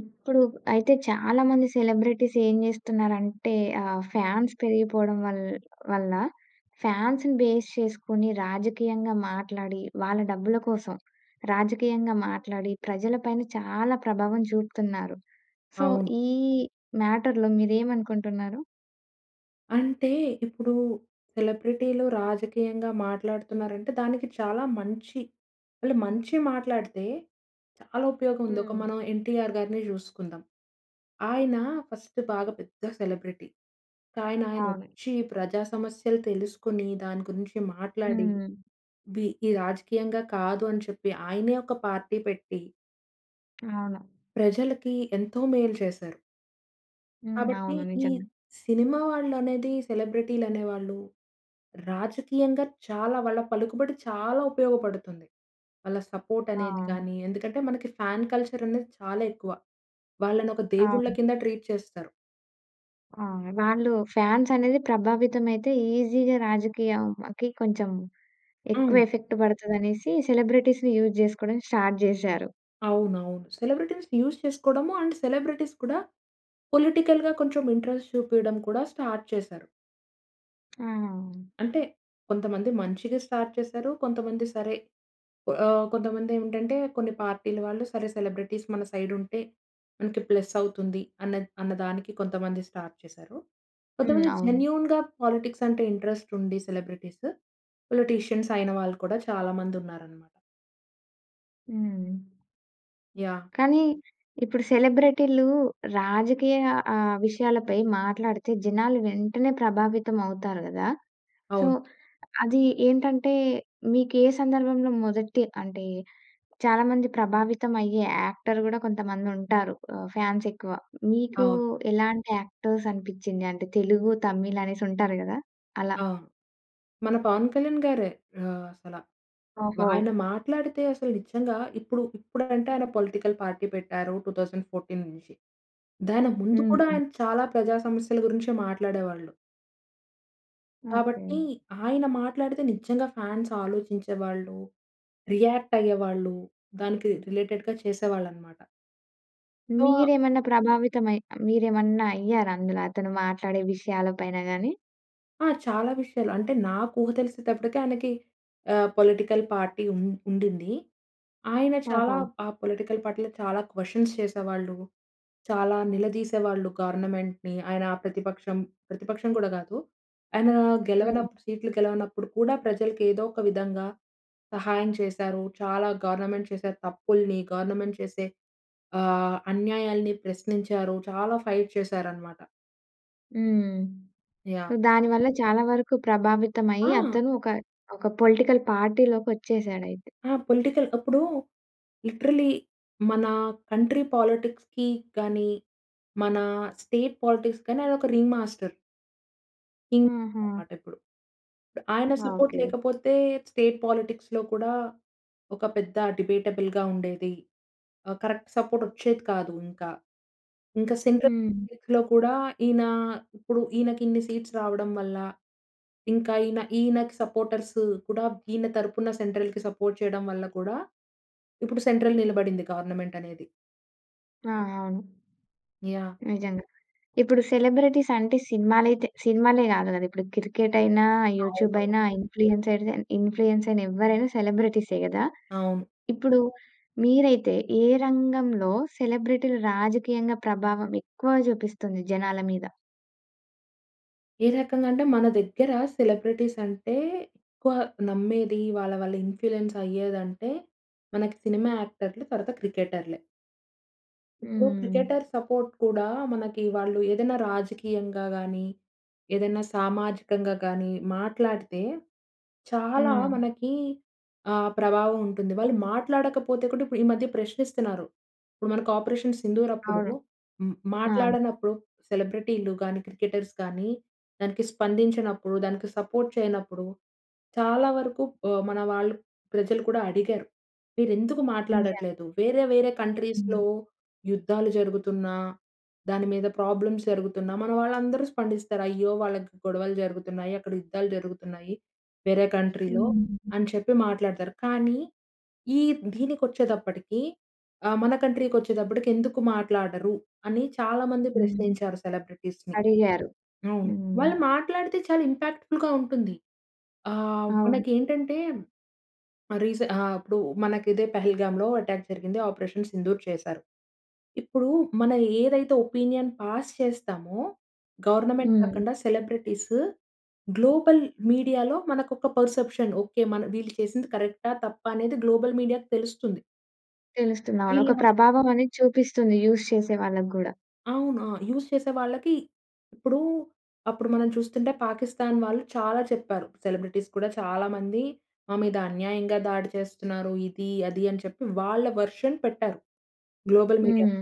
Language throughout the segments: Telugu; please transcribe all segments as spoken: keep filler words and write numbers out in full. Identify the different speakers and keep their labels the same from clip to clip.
Speaker 1: ఇప్పుడు అయితే చాలా మంది సెలబ్రిటీస్ ఏం జేస్తున్నారంటే ఆహ్, ఫాన్స్ పెరిగిపోవడం వల్ వల్ల ఫాన్స్‌ని బేస్ చేసుకొని రాజకీయంగా మాట్లాడి, వాళ్ళ డబ్బుల కోసం, రాజకీయంగా మాట్లాడి ప్రజలపైన చాలా ప్రభావం జూపుతున్నారు. సో,
Speaker 2: అవును.
Speaker 1: ఈ మ్యాటర్‌లో మీదేమనుకుంటున్నారు?
Speaker 2: అంటే, ఇప్పుడు సెలబ్రిటీలు రాజకీయంగా మాట్లాడుతున్నారంటే దానికి చాలా మంచి వాళ్ళు మంచి మాట్లాడితే చాలా ఉపయోగం ఉంది. ఒక
Speaker 1: హ్మ్.
Speaker 2: మనం 'ఎన్టీఆర్' గారినే చూసుకుందాం. ఆయన ఫస్ట్ బాగా పెద్ద సెలబ్రిటీ. కానీ ఆయన
Speaker 1: అవును.
Speaker 2: వచ్చి ప్రజా సమస్యలు తెలుసుకొని దాని గురించి మాట్లాడి,
Speaker 1: హ్మ్.
Speaker 2: వి ఇవి రాజకీయంగా కాదు అని చెప్పి ఆయనే ఒక పార్టీ పెట్టి
Speaker 1: అవును.
Speaker 2: ప్రజలకి ఎంతో మేలు చేశారు.
Speaker 1: హ్మ్.
Speaker 2: కాబట్టి
Speaker 1: అవును.
Speaker 2: ఈ
Speaker 1: నిజంగా.
Speaker 2: సినిమా వాళ్ళనేది సెలబ్రిటీలు అనేవాళ్ళు, రాజకీయంగా చాలా వాళ్ళ పలుకుబడి చాలా ఉపయోగపడుతుంది. వాళ్ళ సపోర్ట్ అనేది
Speaker 1: అవును.
Speaker 2: గాని ఎందుకంటే మనకి ఫాన్ కల్చర్ అనేది చాలా ఎక్కువ. వాళ్ళని ఒక దేవుళ్ళ
Speaker 1: అవును.
Speaker 2: కింద ట్రీట్ చేస్తారు.
Speaker 1: ఆ! వాళ్ళు ఫాన్స్ అనేది ప్రభావితమైతే ఈజీగా రాజకీయం అకి కొంచెం, ఎక్కువ
Speaker 2: హ్మ్.
Speaker 1: ఎఫెక్ట్ పడతది అనేసి సెలబ్రిటీస్‌‌‌‌‌‌‌‌‌‌‌ని యూజ్ చేసుకోవడం స్టార్ట్ జేశారు.
Speaker 2: అవునవును. సెలబ్రిటీస్ యూజ్ చేసుకోవడము, అండ్ సెలబ్రిటీస్ కూడా పొలిటికల్‌గా కొంచెం ఇంట్రెస్ట్ చూపియడం కూడా స్టార్ట్ చేశారు.
Speaker 1: ఆహా!
Speaker 2: అంటే కొంతమంది మంచిగా స్టార్ట్ చేసారు. కొంతమంది సరే! ఆహ్, కొంతమంది ఏమిటంటే కొన్ని పార్టీ‌ల వాళ్ళు సరే సెలబ్రిటీస్ మన సైడ్ ఉంటే మనకి ప్లస్ అవుతుంది అన్నద్ అన్నదానికి కొంతమంది స్టార్ట్ చేశారు.
Speaker 1: హ్మ్.
Speaker 2: కొంతమంది
Speaker 1: అవును.
Speaker 2: జెన్యూన్‌గా పాలిటిక్స్ అంటే ఇంట్రెస్ట్ ఉండి సెలబ్రిటీస్ పొలిటీషియన్స్ అయిన వాళ్ళు కూడా చాలా మంది ఉన్నారన్నమాట.
Speaker 1: హ్మ్.
Speaker 2: యాహ్!
Speaker 1: కానీ ఇప్పుడు సెలబ్రెటీ‌లు రాజకీయ ఆ విషయాలపై మాట్లాడితే జనాలు వెంటనే ప్రభావితం అవుతారు గదా! సో,
Speaker 2: అవును.
Speaker 1: అది ఏంటంటే, మీకే సందర్భంలో మొదటి అంటే, చాలామంది ప్రభావితం అయ్యే యాక్టర్ గూడా కొంతమంది ఉంటారు. ఆహ్, ఫాన్స్ ఎక్కువ. మీకు
Speaker 2: అవును.
Speaker 1: ఎలాంటి యాక్టర్స్ అనిపిచింది? అంటే తెలుగు, తమిళ్ అనేసి ఉంటారు గదా! అలా.
Speaker 2: అవును. మన పవన్ కళ్యాణ్ గారే ఆహ్, అసల.
Speaker 1: ఓహో!
Speaker 2: వాయన మాట్లాడితే అసలు నిజంగా ఇప్పుడు ఇప్పుడంటే ఆయన పొలిటికల్ పార్టీ పెట్టారు టూ థౌసండ్ ఫోర్టీన్ దాని ముందు కూడా
Speaker 1: హ్మ్.
Speaker 2: ఆయన చాలా ప్రజా సమస్యల గురించే మాట్లాడేవాళ్ళు.
Speaker 1: ఓకే.
Speaker 2: కాబట్టి, ఆయన మాట్లాడితే నిజంగా ఫాన్స్ ఆలోచించేవాళ్ళు, రియాక్ట్ అయ్యేవాళ్ళు, దానికి రి రిలేటెడ్‌గా చేసేవాళ్ళనమాట. సో
Speaker 1: మీరేమన్నా ప్రభావితం అయ్ మీరేమన్నా అయ్యారా? అందులో అతను మాట్లాడే విషయాల పైన గాని.
Speaker 2: ఆ! చాలా విషయాలు అంటే నాకు ఊహ తెలిసేతప్పటికి ఆయనకి ఆహ్, పొలిటికల్ పార్టీ ఉన్ ఉండింది. ఆయన చాలా
Speaker 1: ఓహో!
Speaker 2: ఆహ్, పొలిటికల్ పార్టీలో చాలా క్వెశ్చన్స్ చేసేవాళ్ళు. చాలా నిలదీసే వాళ్ళు గవర్నమెంట్‌ని. ఆయన ప్రతిపక్షం, ప్రతిపక్షం గూడా కాదు. ఆయన
Speaker 1: హ్మ్.
Speaker 2: గెలవనప్ సీట్లు గెలవనప్పుడు కూడా ప్రజలకి ఏదో ఒక విధంగా సహాయం చేశారు. చాలా గవర్నమెంట్ చేసే తప్పుల్ని, గవర్నమెంట్ చేసే ఆహ్, అన్యాయాల్ని ప్రశ్నించారు. చాలా ఫైట్ చేసారనమాట.
Speaker 1: హ్మ్.
Speaker 2: యాహ్!
Speaker 1: దాని వల్ల చాలా వరకు ప్రభావితమయ్యి
Speaker 2: ఆ!
Speaker 1: అతను ఒక, ఒక పొలిటికల్ పార్టీలోకి వచ్చేసాడయితే.
Speaker 2: ఆ! పొలిటికల్ అప్పుడూ లిటరల్లీ మన కంట్రీ పోలిటిక్స్‌కి గానీ, మన స్టేట్ పోలిటిక్స్ గాని, ఆయనొక రింగ్ మాస్టర్. కింగ్
Speaker 1: హుహు.
Speaker 2: మాటిప్పుడు. ఆయన సపోర్ట్
Speaker 1: ఓకే.
Speaker 2: లేకపోతే స్టేట్ పోలిటిక్స్‌లో కూడా, ఒక పెద్ద డిబేటబుల్‌గా ఉండేది. ఆహ్, కరెక్ట్ సపోర్ట్ వచ్చేది కాదు ఇంకా. ఇంక సెంట్రల్
Speaker 1: హ్మ్.
Speaker 2: సీట్‌లో కూడా ఈయన, ఇప్పుడు ఈయనకి ఇన్ని సీట్స్ రావడం వల్ల ఇంకా ఈయన, ఈయనకి సపోర్టర్సు కూడా ఈయన తరపున సెంట్రల్‌కి సపోర్ట్ చేయడం వల్ల కూడా ఇప్పుడు సెంట్రల్ నిలబడింది గవర్నమెంట్ అనేది.
Speaker 1: ఆ! అవును.
Speaker 2: యాహ్!
Speaker 1: నిజంగా. ఇప్పుడు సెలబ్రిటీస్ అంటే సినిమాలైతే సినిమాలే కాదు కదా, ఇప్పుడు క్రికెట్ అయినా, యూట్యూబ్
Speaker 2: అవును.
Speaker 1: అయినా ఇన్ఫ్లుయెన్సర్‌గా ఇన్ఫ్లుయెన్స్‌ర్ అయిన ఎవ్వరైనా సెలెబ్రెటీసే గదా!
Speaker 2: అవును.
Speaker 1: ఇప్పుడు మీరైతే ఏ రంగంలో సెలబ్రిటీలు రాజకీయంగా ప్రభావం ఎక్కువ చూపిస్తుంది జనాల మీద?
Speaker 2: ఏ రకంగా అంటే, మన దగ్గర సెలబ్రిటీస్ అంటే ఎక్కువ నమ్మేది వాళ్ళ వాళ్ళ ఇన్ఫ్లుయెన్స్ అయ్యేదంటే, మనకి సినిమా యాక్టర్‌లు తరువాత క్రికెటర్‌లే. ఇప్పుడు
Speaker 1: హ్మ్.
Speaker 2: క్రికెటర్ సపోర్ట్ కూడా మనకి వాళ్ళు ఏదైనా రాజకీయంగా గాని, ఏదైనా సామాజికంగా గాని మాట్లాడితే చాలా
Speaker 1: హ్మ్.
Speaker 2: మనకి ఆహ్, ప్రభావం ఉంటుంది. వాళ్ళు మాట్లాడకపోతే కూడా ఇప్పుడు ఈ మధ్య ప్రశ్నిస్తున్నారు. ఇప్పుడు మనకు 'ఆపరేషన్ సింధూర్' అప్పుడు.
Speaker 1: అవును.
Speaker 2: హ్మ్
Speaker 1: ఆ!
Speaker 2: మాట్లాడనప్పుడు సెలబ్రిటీలు గాని, క్రికెటర్స్ గాని దానికి స్పందించినప్పుడు, దానికి సపోర్ట్ చేయనప్పుడు, చాలా వరకు ఆహ్, మన వాళ్ళు ప్రజలు కూడా అడిగారు. మీరు ఎందుకు
Speaker 1: [unintelligible]
Speaker 2: మాట్లాడట్లేదు, వేరే వేరే కంట్రీస్‌లో
Speaker 1: హ్మ్.
Speaker 2: యుద్ధాలు జరుగుతున్నా, దాని మీద ప్రాబ్లమ్స్ జరుగుతున్నా మన వాళ్ళందరూ స్పందిస్తారు. అయ్యో! వాళ్ళకి గొడవలు జరుగుతున్నాయి. అక్కడ యుద్ధాలు జరుగుతున్నాయి. వేరే కంట్రీలో
Speaker 1: హ్మ్.
Speaker 2: అని చెప్పి మాట్లాడుతారు. కానీ ఈ దీనికి వచ్చేటప్పటికి ఆ! మన కంట్రీకి వచ్చేటప్పటికి ఎందుకు మాట్లాడరు? అని చాలా మంది
Speaker 1: హ్మ్.
Speaker 2: ప్రశ్నించారు సెలబ్రిటీస్‌ని.
Speaker 1: అడిగారు.
Speaker 2: అవును.
Speaker 1: హ్మ్.
Speaker 2: వాళ్ళు మాట్లాడితే చాలా ఇంపాక్ట్ ఫుల్‌గా ఉంటుంది. ఆహ్,
Speaker 1: అవును.
Speaker 2: మనకి ఏంటంటే రీసె ఆహ్, అపుడు మనకు ఇదే పహల్గామ్‌లో అటాక్ జరిగింది 'ఆపరేషన్ సింధూర్' చేసారు. ఇప్పుడు మన ఏదైతే ఒపీనియన్ పాస్ చేస్తామో గవర్నమెంట్
Speaker 1: హ్మ్.
Speaker 2: కాకుండా సెలబ్రిటీసు గ్లోబల్ మీడియాలో మనకు ఒక పర్సెప్షన్, ఓకె. మన వీళ్ళు చేసింది కరెక్టా? తప్పా? అనేది గ్లోబల్ మీడియాకి తెలుస్తుంది.
Speaker 1: తెలుస్తుంది. అవును ఒక
Speaker 2: వీళ్ళ
Speaker 1: ప్రభావమనేది చూపిస్తుంది. యూజ్ చేసే వాళ్ళకి గూడా.
Speaker 2: అవును. యూజ్ చేసే వాళ్ళకి ఇప్పుడూ, అప్పుడు మనం చూస్తుంటే పాకిస్తాన్ వాళ్ళు చాలా చెప్పారు. సెలబ్రిటీస్ కూడా చాలా మంది "మా మీద అన్యాయంగా దాడి చేస్తున్నారు" ఇది, అది అని చెప్పి వాళ్ళ వర్షన్ పెట్టారు, గ్లోబల్ మీడియాలో.
Speaker 1: హ్మ్.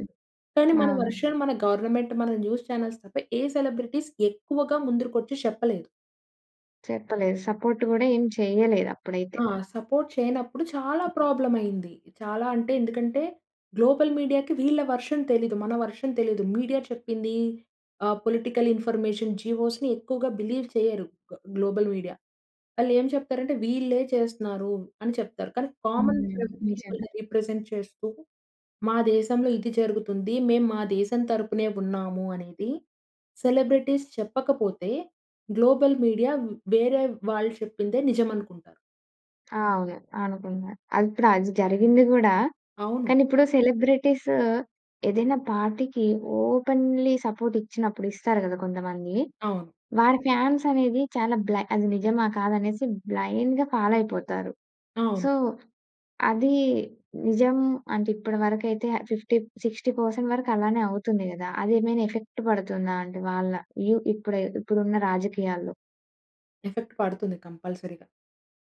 Speaker 2: కానీ మన
Speaker 1: అవును.
Speaker 2: వెర్షన్ మన గవర్నమెంట్, మన న్యూస్ చానెల్స్ తప్ప ఏ సెలబ్రిటీస్ ఎక్కువగా ముందరకొచ్చి చెప్పలేదు.
Speaker 1: చెప్పలేదు. సపోర్ట్ కూడా ఏమి చేయలేదు అప్పుడైతే.
Speaker 2: ఆ! సపోర్ట్ చేయనప్పుడు చాలా ప్రాబ్లమ్ అయింది. చాలా అంటే ఎందుకంటే, గ్లోబల్ మీడియాకి వీళ్ళ వర్షన్ తెలీదు. మన వర్షన్ తెలీదు. మీడియా చెప్పిందీ, ఆహ్, పొలిటికల్ ఇన్‌ఫర్మేషన్, జివోస్‌ని ఎక్కువగా బిలీవ్ చేయరు గ్లోబల్ మీడియా. వాళ్ళేం చెప్తారంటే వీళ్ళే చేస్తున్నారు అని చెప్తారు. కానీ కామన్
Speaker 1: హ్మ్. నిజంగా.
Speaker 2: పీపుల్‌ని రిప్రజెంట్ చేస్తూ, "మా దేశంలో ఇది జరుగుతుంది మేం మా దేశం తరపునే ఉన్నామూ" అనేది, సెలబ్రిటీస్ చెప్పకపోతే గ్లోబల్ మీడియా వేరే వాళ్ళు చెప్పిందే నిజమనుకుంటారు.
Speaker 1: ఆ! అవును. అనుకుంటున్నారు. అది ఇప్పుడు అది జరిగింది కూడా,
Speaker 2: అవును.
Speaker 1: కానీ ఇప్పుడు సెలబ్రిటీసూ ఏదైనా పార్టీకి ఓపెన్‌లీ సపోర్ట్ ఇచ్చినప్పుడు, ఇస్తారు కదా! కొంతమందీ.
Speaker 2: అవును.
Speaker 1: వారి ఫాన్స్ అనేది చాలా బ్లై అది నిజమా కాదా అనేసి బ్లైండ్‌గా ఫాలో అయిపోతారు. సో,
Speaker 2: అవును.
Speaker 1: అదీ నిజం అంటే, ఇప్పటి వరకైతే ఫిఫ్టీ సిక్స్టీ పర్సెంట్ వరకు అలానే అవుతుంది కదా! అది ఏమైనా ఎఫెక్ట్ పడుతుందా? అంటె వాళ్ళ వ్యూ ఇప్పుడె ఇప్పుడున్న రాజకీయాల్లో?
Speaker 2: ఎఫెక్ట్ పడుతుంది కంపల్సరీగా.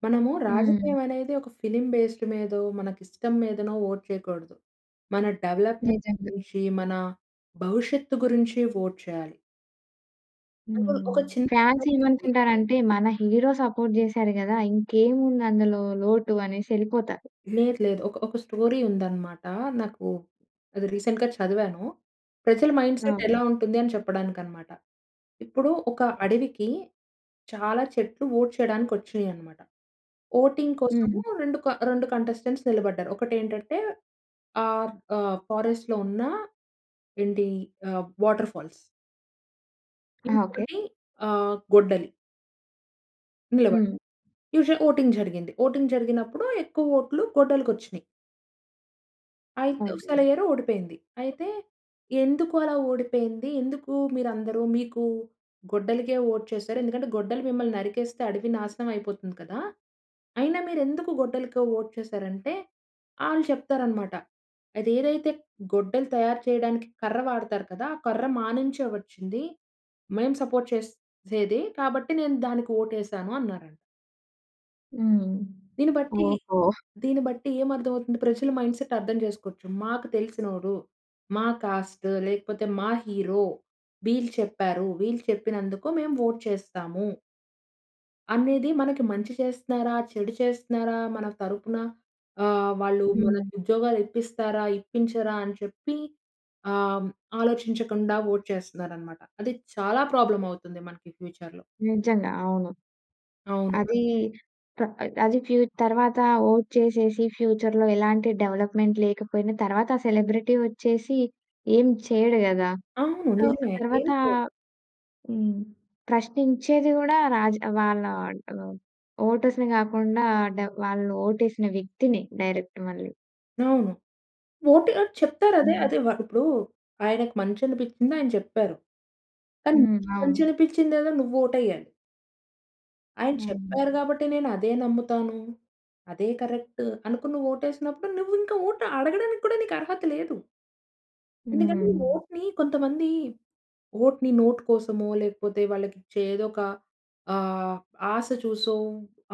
Speaker 2: మనము
Speaker 1: హ్మ్.
Speaker 2: రాజకీయం అనేది ఒక ఫిల్మ్ బేస్డ్ మీదో, మనకి ఇష్టం మీదనో వోట్ చేయకూడదు. మన డెవలప్మెంట్
Speaker 1: నిజంగా.
Speaker 2: గురించి, మన భవిష్యత్తు గురించి వోట్ చేయాలి. ఒక,
Speaker 1: హ్మ్.
Speaker 2: ఒక చిన్న
Speaker 1: ఫాన్స్
Speaker 2: ఎక్సాంపుల్ ఉంది.
Speaker 1: ఏమనుకుంటారంటే మన హీరో సపోర్ట్ చేసారు కదా! ఇంకేముంది అందులో లోటు అనేసి వెళ్ళిపోతారు.
Speaker 2: లేదు లేదు. ఒక, ఒక స్టోరీ ఉంది అన్నమాట. నాకు అది రీసెంట్‌‌గా చదివాను. ప్రజల మైండ్సెట్ ఎలా
Speaker 1: అవును.
Speaker 2: ఉంటుంది అని చెప్పడానికి అన్నమాట. ఇప్పుడు ఒక అడవికి చాలా చెట్లు వోట్ చేయడానికి వచ్చాయనమాట. వోటింగ్ కోసం
Speaker 1: హ్మ్.
Speaker 2: రెండు రెండు కంటెస్టెంట్స్ నిలబడ్డారు. ఒకటి ఏంటంటే ఆహ్, ఆహ్ ఫారెస్ట్‌‌‌‌‌‌లో ఉన్న ఏంటి ఆహ్, వాటర్ ఫాల్స్.
Speaker 1: ఓకే.
Speaker 2: ఇంకొకటి ఆహ్ గొడ్డలి. నిలబడ
Speaker 1: హ్మ్.
Speaker 2: యూజువల్ వోటింగ్ జరిగింది వోటింగ్ జరిగినప్పుడు ఎక్కువ వోట్లు గొడ్డలు‌కొచ్చినాయి. అయితే
Speaker 1: ఓకే.
Speaker 2: సెలయ్యరు ఓడిపోయింది. అయితే ఎందుకు అలా ఓడిపోయింది, ఎందుకు మీరందరూ మీకు గొడ్డలికే వోట్ చేసారు? ఎందుకంటే గొడ్డలు మిమ్మల్ని నరికేస్తే అడవి నాశనం అయిపోతుంది కదా! అయినా మీరు ఎందుకు గొడ్డలకి వోట్ చేసారు అంటే వాళ్ళు చెప్తారు అన్నమాట. అది ఏదైతే గొడ్డలు తయారు చేయడానికి కర్ర వాడుతారు కదా! ఆ కర్ర మానించే వచ్చింది. మేము సపోర్ట్ చేసేది, కాబట్టి నేను దానికి వోట్ వేసాను అన్నారంట.
Speaker 1: హ్మ్.
Speaker 2: దీన్ని బట్టి
Speaker 1: ఓహో!
Speaker 2: దీన్ని బట్టి ఏం అర్థం అవుతుంది ప్రజల మైండ్‌సెట్ అర్థం జేసుకోచ్చు. మాకు తెలిసినోడు మా క్యాస్టు, లేకపోతే మా హీరో, వీళ్ళు చెప్పారు. వీళ్ళు చెప్పినందుకు మేము ఓట్ చేస్తాము. అనేది మనకి మంచి చేస్తున్నారా? చెడు చేస్తున్నారా? మన తరపున ఆహ్, వాళ్ళు
Speaker 1: హ్మ్.
Speaker 2: మనకు ఉద్యోగాలు ఇప్పిస్తారా? ఇప్పించరా? అని చెప్పి ఆహ్, ఆలోచించకుండా ఓట్ చేస్తున్నారనమాట. అది చాలా ప్రాబ్లమ్ అవుతుంది. మనకి ఫ్యూచర్‌లో
Speaker 1: నిజంగా అవును.
Speaker 2: అవును.
Speaker 1: అది ప్ర అది ఫ్యూ తర్వాత ఓట్ చేసేసి ఫ్యూచర్‌లో ఎలాంటి డెవలప్‌మెంట్ లేకపోయినా, తర్వాత సెలబ్రిటీ వచ్చేసి ఏం చేయడు గదా!
Speaker 2: అవును
Speaker 1: సో
Speaker 2: నిజమే.
Speaker 1: తర్వాత
Speaker 2: ఏంటో
Speaker 1: హ్మ్. ప్రశ్నించేది గూడా రాజ్ వాళ్ళ ఆడ్డు ఓటర్స్‌ని గాకుండా ఆడ్ వాళ్ళు ఓటేసిన వ్యక్తిని డైరెక్ట్ మళ్ళి.
Speaker 2: అవును. ఓటేయ్ చెప్తారదే
Speaker 1: హ్మ్.
Speaker 2: అదే. వ ఇప్పుడు ఆయనకి మంచి అనిపిచ్చింది ఆయన చెప్పారు. కానీ
Speaker 1: హ్మ్.
Speaker 2: నీకు మంచి
Speaker 1: అవును.
Speaker 2: అనిపిచ్చిందేదో నువ్వు ఓటెయ్యాలి. ఆయన చెప్పారు
Speaker 1: అవును.
Speaker 2: గాబట్టి నేను అదే నమ్ముతాను. అదే కరెక్టు, అనుకుని నువు ఓటేసినప్పుడు నువ్వు ఇంకా ఓటు అడగడానికి కూడా నీకు అర్హత లేదు. ఎందుకంటే
Speaker 1: హ్మ్.
Speaker 2: ఓట్‌ని కొంతమంది ఓట్‌ని నోట్ కోసమో లేకపోతే వాళ్ళకి ఇచ్చే ఏదోక ఆహ్, ఆశ చూసో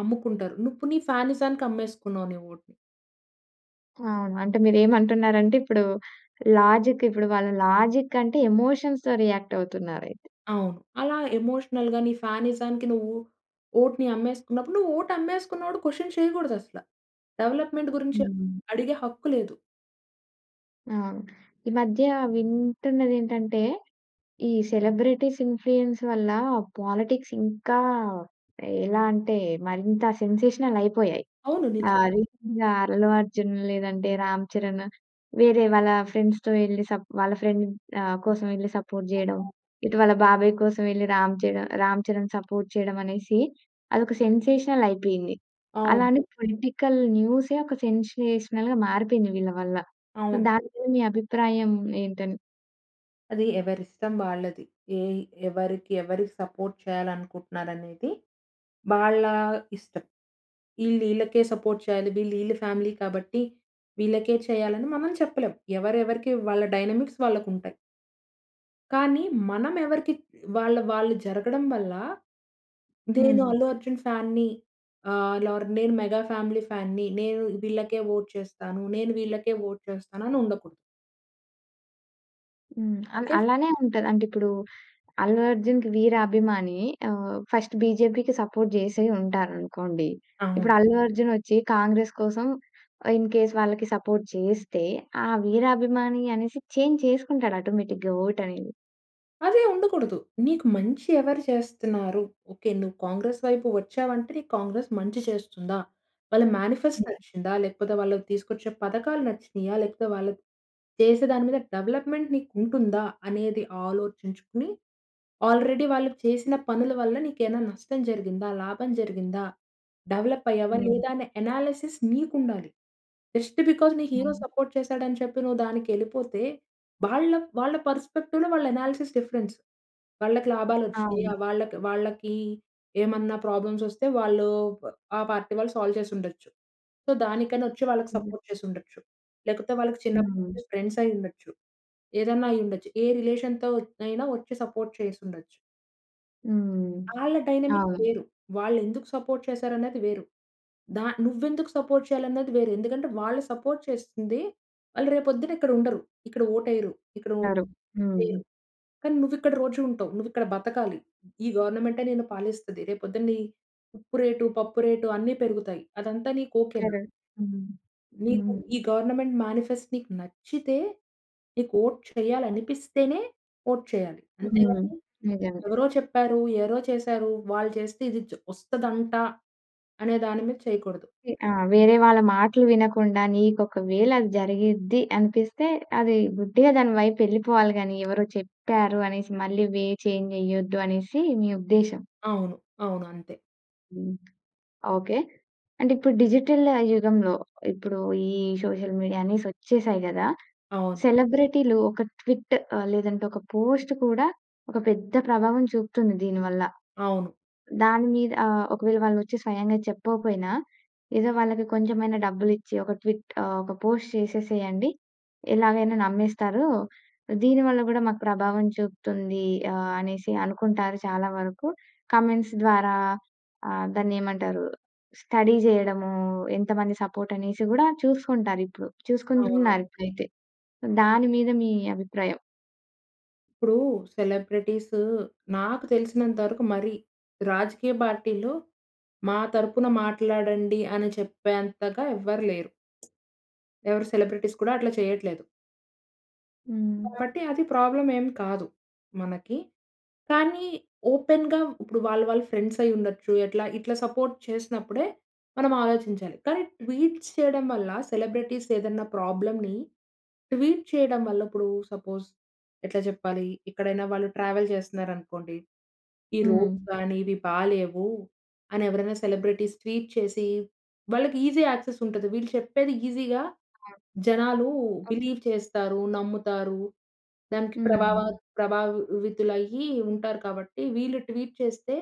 Speaker 2: అమ్ముకుంటారు. నువ్వు నీ ఫానిజానికి అమ్మేసుకున్నావు నీ ఓట్‌ని.
Speaker 1: అవును. అంటే మీరు ఏమంటున్నారంటే ఇప్పుడు, లాజిక్ ఇప్పుడు వాళ్ళ లాజిక్ అంటే ఎమోషన్స్‌తో రియాక్ట్ అవుతున్నారయితే!
Speaker 2: అవును. అలా ఎమోషనల్‌గా నీ ఫానిజానికి నువ్వు ఓట్‌ని అమ్మేసుకున్నప్పుడు. నువ్వు ఓట్ అమ్మేసుకున్నోడు క్వెషన్ చేయకూడదసల. డెవలప్మెంట్ గురించి
Speaker 1: హ్మ్.
Speaker 2: అడిగే హక్కు లేదు.
Speaker 1: ఆహ్, ఈ మధ్య వింటున్నదేంటంటే, ఈ సెలబ్రిటీస్ ఇన్‌ఫ్లుయెన్స్ వల్ల పాలిటిక్స్ ఇంకా, ఎలా అంటే మరింత సెన్సేషనల్ అయిపోయాయి.
Speaker 2: అవును.
Speaker 1: ఆ!
Speaker 2: నిజమే.
Speaker 1: రీసెంట్‌గా అల్లు అర్జున్ లేదంటే రామ్ చరణ్ వేరే వాళ్ళ ఫ్రెండ్స్‌తో వెళ్లి స‌ప్ వాళ్ళ ఫ్రెండ్‌ని ఆహ్, కోసం వెళ్లి సపోర్ట్ చేయడం.
Speaker 2: hh
Speaker 1: ఇటు వాళ్ళ బాబాయ్ కోసం వెళ్లి రామ్ చర రామ్ చరణ్ సపోర్ట్ చేయడం అనేసి, అదొక సెన్సేషనల్ అయిపోయింది. అలానే
Speaker 2: అవును.
Speaker 1: పొలిటికల్ న్యూసే ఒక సెన్సేషనల్‌గా మారిపోయింది వీళ్ళ వల్ల. సొ,
Speaker 2: అవును.
Speaker 1: దాని మీద మీ అభిప్రాయం ఏంటి అని?
Speaker 2: అది ఎవరి ఇష్టం వాళ్ళది. ఏ ఎవరికి ఎవరి సపోర్ట్ చేయాలి అనుకుంటున్నారు అనేది వాళ్ళ ఇష్టం. ఈళ్ళు, ఈళ్ళకే సపోర్ట్ చేయాలి. వీళ్ళు ఈళ్ళ ఫ్యామిలీ కాబట్టి, వీళ్ళకే చేయాలి, అని మనం చెప్పలేం. ఎవరు ఎవరికి వాళ్ళ డైనమిక్స్ వాళ్ళకుంటాయి. కానీ మనం ఎవరికి వాళ్ళ వాళ్ళు జరగడం వల్ల నేను
Speaker 1: హ్మ్.
Speaker 2: 'అల్లు అర్జున్' ఫ్యాన్‌న్ని ఆహ్, లోర్ నేను 'మెగా ఫ్యామిలీ' ఫ్యాన్‌‌న్ని నేను వీళ్ళకే వోట్ చేస్తాను. నేను వీళ్ళకే వోట్ చేస్తాను అని ఉండకూడదు.
Speaker 1: హ్మ్. అల్
Speaker 2: ఓకే‌ ఫ్
Speaker 1: అలానే ఉంటది. అం‌టె ఇప్పుడు 'అల్లు అర్జున్‌కి' వీరాభిమాని ఆహ్, ఫస్ట్ 'బీజేపీ‌కి' సపోర్ట్ చేసే ఉంటార అనుకోండి.
Speaker 2: అవును.
Speaker 1: ఇప్పుడు 'అల్లు అర్జున్' వచ్చి 'కాంగ్రెస్' కోసం ఆ ఇన్ కేస్ వాళ్ళకి సపోర్ట్ చేస్తే ఆ వీరాభిమాని అనేసి చేంజ్ చేసుకుంటాడు ఆటోమేటిక్‌గా వోట్ అనేది.
Speaker 2: అదే ఉండకూడదు. నీకు మంచి ఎవరు చేస్తున్నారు? ఓకే. నువ్వు 'కాంగ్రెస్' వైపు వచ్చావంటే నీకు 'కాంగ్రెస్' మంచి చేస్తుందా? వాళ్ళ మేనిఫెస్ట్ నచ్చిందా? లేకపోతే వాళ్ళు తీసుకొచ్చే పథకాలు నచ్చినాయా? లేకపోతే వాళ్ళు చేసే దాని మీద డెవలప్‌మెంట్ నీకు ఉంటుందా? అనేది ఆలోచించుకుని ఆల్రెడీ వాళ్ళు చేసిన పనుల వల్ల నీకైన నష్టం జరిగిందా? లాభం జరిగిందా? డెవలప్ అయ్యావా?
Speaker 1: హ్మ్.
Speaker 2: లేదా? అనే అనాలిసిస్ నీకు ఉండాలి. జస్ట్ ‌బికాస్ నీ హీరో
Speaker 1: అవును.
Speaker 2: సపోర్ట్ చేసాడు అని చెప్పి నువ్వు దానికెళ్ళిపోతే వాళ్ళ వాళ్ళ పర్‌స్పెక్టివ్‌లో వాళ్ళ అనాలిసిస్ డిఫరెన్స్. వాళ్ళకి లాభాలు వచ్చినా‌యా?
Speaker 1: అవును.
Speaker 2: వాళ్ళకి, వాళ్ళకి ఏమన్నా ప్రాబ్లమ్సొస్తే వాళ్ళు ప ఆ పార్టీ వాళ్ళు సాల్వ్ చేసి ఉండచ్చు. సో దానికనోచ్చి వాళ్ళకి
Speaker 1: హ్మ్.
Speaker 2: సపోర్ట్ చేసి ఉండచ్చు. లేకపోతే వాళ్ళకి చిన్నప్పటి
Speaker 1: హ్మ్.
Speaker 2: నుంచి ఫ్రెండ్సయ్యుండొచ్చు. ఏదైనైండచ్చు. ఏ రిలేషన్‌తో అయినా వచ్చి సపోర్ట్ చేసుండచ్చు.
Speaker 1: హ్మ్.
Speaker 2: ఆళ్ళ డైనమిక్
Speaker 1: అవును
Speaker 2: వేరు. వాళ్ళు ఎందుకు సపోర్ట్ చేసారన్నది వేరు. ద నువ్వు ఎందుకు సపోర్ట్ చేయాలన్నది వేరు. ఎందుకంటే వాళ్ళు సపోర్ట్ చేస్తుంది, వాళ్ళు రేపు పొద్దున ఇక్కడ ఉండరు. ఇక్కడ ఓట్ వెయ్యరు. ఇక్కడ ఓహ్!
Speaker 1: టరు హ్మ్.
Speaker 2: ‌దిదెయ్యరు కానీ నువ్వు ఇక్కడ రోజు ఉంటావు. నువ్వు ఇక్కడ బతకాలి ఈ గవర్నమెంటే నిన్ను పాలిస్తది. రేపు పొద్దున్ని ఉప్పు రేటు, పప్పు రేటు అన్ని పెరుగుతాయి అదంతా నీకు ఓకేనా!
Speaker 1: కరెక్ట్. హ్మ్.
Speaker 2: నీకు
Speaker 1: హ్మ్.
Speaker 2: ఈ గవర్నమెంట్ మేనిఫెస్ట్ నీకు నచ్చితే, నీకు ఓట్ చేయ్యాలి అనిపిస్తేనే ఓట్ చేయ్యాలి.
Speaker 1: హ్మ్.
Speaker 2: అంతేగాని
Speaker 1: నిజమే.
Speaker 2: ఎవరో చెప్పారు, ఎవరో చేశారు. వాళ్ళు చేస్తే ఇది జ వస్తదంట అనే దాని మీద చేయకూడదు.
Speaker 1: వే ఆ! వేరే వాళ్ళ మాటలు వినకుండా నీకు ఒకవేళ అది జరిగిద్ది అనిపిస్తే, అది గుడ్డిగా దాని వైపు వెళ్ళిపోవాలి కానీ, ఎవరో చెప్పారు అనేసి మళ్ళీ వే చేంజ్ చెయ్యొద్దు అనేసి మీ ఉద్దేశం.
Speaker 2: అవును. అవును, అంతే.
Speaker 1: హ్మ్. ఓకే. అంటే ఇప్పుడు డిజిటల్ యుగంలో ఇప్పుడు, ఈ సోషల్ మీడియా అనే‌సి వచ్చేసాయి కదా!
Speaker 2: అవును.
Speaker 1: సెలబ్రిటీలు ఒక ట్విట్ ఆహ్, లేదంటే ఒక పోస్ట్ కూడా ఒక పెద్ద ప్రభావం చూపుతుంది దీని వల్ల.
Speaker 2: అవును.
Speaker 1: దాని మీద ఆహ్, ఒకవేళ వాళ్ళు వచ్చి స్వయంగా చెప్పకపోయినా, ఏదో వాళ్ళకి కొంచెం అ‌యి‌నా డబ్బులు ఇచ్చి ఒక ట్విట్ ఆహ్, ఒక పోస్ట్ చేసేసేయండి. ఎలాగైనా నమ్మేస్తారు. దీని వల్ల కూడా మాకు ప్రభావం చూపుతుంది. ఆహ్, అనేసి అనుకుంటారు చాలా వరకు. కామెంట్స్ ద్వారా ఆహ్, దాన్ని ఏమంటారు స్టడీ చేయడము, ఎంతమంది సపోర్ట్ అనేసి కూడా చూసుకుంటారు. ఇప్పుడు
Speaker 2: అవును.
Speaker 1: చూసుకుంటున్నారు ఇప్పుడైతే. దాని మీద మీ అభిప్రాయం?
Speaker 2: ఇప్పుడు సెలబ్రిటీసు నాకు తెలిసినంత వరకు మరి, రాజకీయ పార్టీలు మా తరపున మాట్లాడండి అని చెప్పేంతగా ఎవ్వరు లేరు. ఎవరు సెలబ్రిటీస్ కూడా అట్లా చేయట్లేదు.
Speaker 1: హ్మ్.
Speaker 2: కాబట్టి అది ప్రాబ్లమ్ ఏమి కాదు మనకి. కానీ ఓపెన్‌గా ఇప్పుడు వాళ్ళ, వాళ్ళ ఫ్రెండ్స్ అయ్యి ఉండొచ్చు, ఎట్లా ఇట్లా సపోర్ట్ చేసినప్పుడే, మనం ఆలోచించాలి. కానీ ట్వీట్స్ చేయడం వల్ల సెలబ్రిటీస్ ఏదైనా ప్రాబ్లమ్‌ని ట్వీట్ చేయడం వల్ల ఇప్పుడు సపోజ్ ఎట్లా చెప్పాలి, ఎక్కడైనా వాళ్ళు ట్రావెల్ చేస్తున్నారు అనుకోండి. ఈ
Speaker 1: హ్మ్.
Speaker 2: రోడ్స్ కానీ ఇవి బాలేవు అని ఎవరైనా సెలబ్రిటీస్ ట్వీట్ చేసి, వాళ్ళకి ఈజీ యాక్సెస్ ఉంటది. వీళ్ళు చెప్పేది ఈజీగా
Speaker 1: హ్మ్.
Speaker 2: జనాలు
Speaker 1: ఓకే.
Speaker 2: బిలీవ్ చేస్తారు, నమ్ముతారు. దానికి ప్రభావ
Speaker 1: హ్మ్.
Speaker 2: ప్రభావితులయ్యి ఉంటారు కాబట్టి. వీళ్ళు ట్వీట్ చేస్తే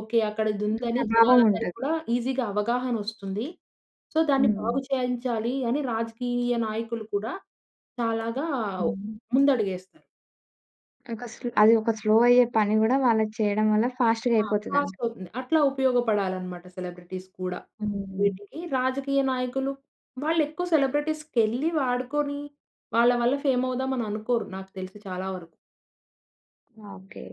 Speaker 2: ఓకే. అక్కడ ఇది
Speaker 1: ఇంక
Speaker 2: ఉందని
Speaker 1: ప్రభావం
Speaker 2: జనాలందరికి
Speaker 1: ఉంటది.
Speaker 2: కూడా ఈజీగా అవగాహన వస్తుంది. సో దాన్ని బాగు
Speaker 1: హ్మ్.
Speaker 2: చేయించాలి అని రాజకీయ నాయకులు కూడా తలగావ్
Speaker 1: ఉహూ.
Speaker 2: ముందడుగు వేస్తారు.
Speaker 1: ఒక స్లో అది ఒక స్లో అయ్యే పని కూడా వాళ్ళకి చేయడం వల్ల ఫాస్ట్‌గా
Speaker 2: ఆ!
Speaker 1: అయిపోతుందంట.
Speaker 2: ఫాస్ట్ అవుతుంది. అట్లా ఉపయోగపడాలి అన్నమాట సెలబ్రిటీస్ కూడా.
Speaker 1: హ్మ్.
Speaker 2: వీటికి రాజకీయ నాయకులు వాళ్ళు ఎక్కువ సెలబ్రిటీస్‌కెళ్ళి, వాడుకొని వాళ్ళ వల్ల ఫేమ్ అవుదాం అని అనుకోరు. నాకు తెలిసి చాలా వరకు.
Speaker 1: ఓకే.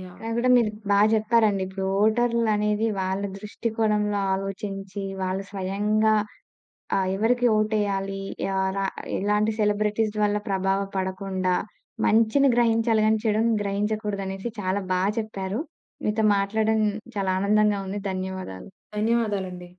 Speaker 2: యాహ్!
Speaker 1: నాగూడా మీరు బా చెప్పారండి. ఇప్పుడు ఓటర్లు అనేది వాళ్ళ దృష్టికోణంలో ఆలోచించి, వాళ్ళు స్వయంగా ఆహ్, ఎవరికి ఓటేయాలి. యార ఎలాంటి సెలబ్రిటీస్ వల్ల ప్రభావం పడకుండా, మంచిని గ్రహించాలి గాని, చెడుని గ్రహించకూడదు అనేసి చాలా బా చెప్పారు. మీతో మాట్లాడడం చాలా ఆనందంగా ఉంది. ధన్యవాదాలు.
Speaker 2: ధన్యవాదాలండి.